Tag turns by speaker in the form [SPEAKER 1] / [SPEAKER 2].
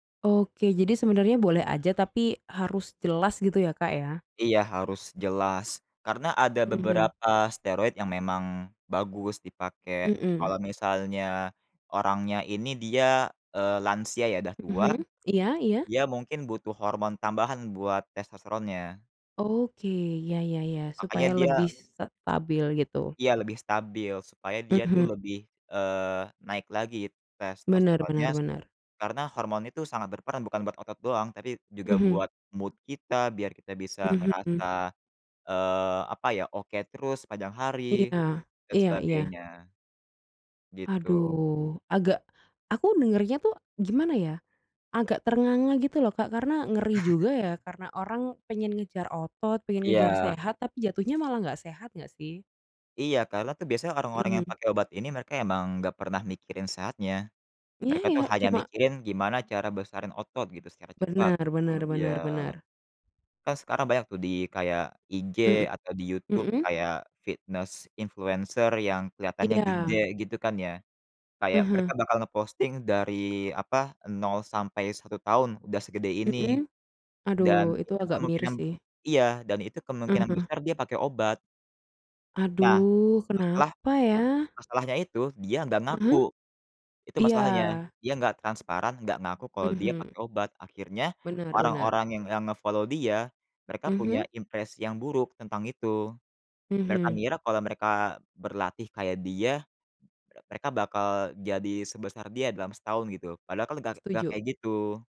[SPEAKER 1] Oke, jadi sebenarnya boleh aja tapi harus jelas gitu ya, Kak, ya?
[SPEAKER 2] Iya harus jelas karena ada
[SPEAKER 1] Mhm.
[SPEAKER 2] beberapa steroid yang memang bagus dipakai.
[SPEAKER 1] Mhm.
[SPEAKER 2] Kalau misalnya orangnya ini dia, eee, lansia ya udah tua,
[SPEAKER 1] Mhm. Iya iya.
[SPEAKER 2] dia mungkin butuh hormon tambahan buat testosteronnya.
[SPEAKER 1] Oke, ya ya ya.
[SPEAKER 2] Makanya
[SPEAKER 1] Supaya
[SPEAKER 2] dia
[SPEAKER 1] lebih s stabil gitu?
[SPEAKER 2] Iya, lebih stabil supaya dia tuh
[SPEAKER 1] Mhm.
[SPEAKER 2] lebih, eee, naik lagi
[SPEAKER 1] Benar
[SPEAKER 2] testosteronnya
[SPEAKER 1] benar benar.
[SPEAKER 2] karena hormon itu sangat berperan bukan buat otot doang tapi juga
[SPEAKER 1] Mhm.
[SPEAKER 2] buat mood kita biar kita bisa
[SPEAKER 1] Mhm mmm.
[SPEAKER 2] ngerasa, eee, apa ya, oke terus sepanjang
[SPEAKER 1] Iya
[SPEAKER 2] hari dan
[SPEAKER 1] iya iya.
[SPEAKER 2] sebagainya. Gitu.
[SPEAKER 1] Aduh, agak aku dengarnya tuh gimana ya, agak ternganga gitu loh Kak, karena ngeri juga ya karena orang pengen ngejar otot, pengen ngejar
[SPEAKER 2] Iya.
[SPEAKER 1] sehat tapi jatuhnya malah nggak sehat nggak sih?
[SPEAKER 2] Iya, karena tuh biasanya orang-orang yang
[SPEAKER 1] Mhm.
[SPEAKER 2] pakai obat ini mereka emang nggak pernah mikirin sehatnya.
[SPEAKER 1] Ya
[SPEAKER 2] Mereka itu
[SPEAKER 1] ya,
[SPEAKER 2] hanya
[SPEAKER 1] cuma
[SPEAKER 2] mikirin gimana cara besarin otot gitu secara cepat.
[SPEAKER 1] Benar benar
[SPEAKER 2] Iya,
[SPEAKER 1] benar benar.
[SPEAKER 2] kan sekarang banyak tuh di kayak IG
[SPEAKER 1] Mhm,
[SPEAKER 2] atau di YouTube,
[SPEAKER 1] mhm?
[SPEAKER 2] kayak fitnes influencer yang kelihatannya gede
[SPEAKER 1] Iya.
[SPEAKER 2] gitu kan ya, kayak mereka
[SPEAKER 1] Heeh.
[SPEAKER 2] bakal nge-posting dari, apa, 0-1 tahun udah segede ini
[SPEAKER 1] Mhm,
[SPEAKER 2] dan
[SPEAKER 1] aduh itu
[SPEAKER 2] itu
[SPEAKER 1] agak miris
[SPEAKER 2] kemungkinan
[SPEAKER 1] sih.
[SPEAKER 2] iya, dan itu kemungkinan
[SPEAKER 1] Heeh.
[SPEAKER 2] besar dia pakai obat. Nah,
[SPEAKER 1] Aduh,
[SPEAKER 2] masalah
[SPEAKER 1] kenapa ya?
[SPEAKER 2] masalahnya itu dia nggak
[SPEAKER 1] Heeh?
[SPEAKER 2] ngaku. Itu
[SPEAKER 1] Iya.
[SPEAKER 2] masalahnya. Dia nggak transparan, nggak ngaku kalau dia
[SPEAKER 1] Mhm.
[SPEAKER 2] pakai obat, akhirnya
[SPEAKER 1] Benar benar.
[SPEAKER 2] orang-orang yang yang nge-follow dia mereka punya
[SPEAKER 1] Mhm.
[SPEAKER 2] impres yang buruk tentang itu. Mereka
[SPEAKER 1] Mhm.
[SPEAKER 2] ngira kalau mereka berlatih kayak dia, e mereka bakal jadi sebesar dia dalam setahun gitu, padahal kan lega nggak
[SPEAKER 1] Setuju.
[SPEAKER 2] kayak gitu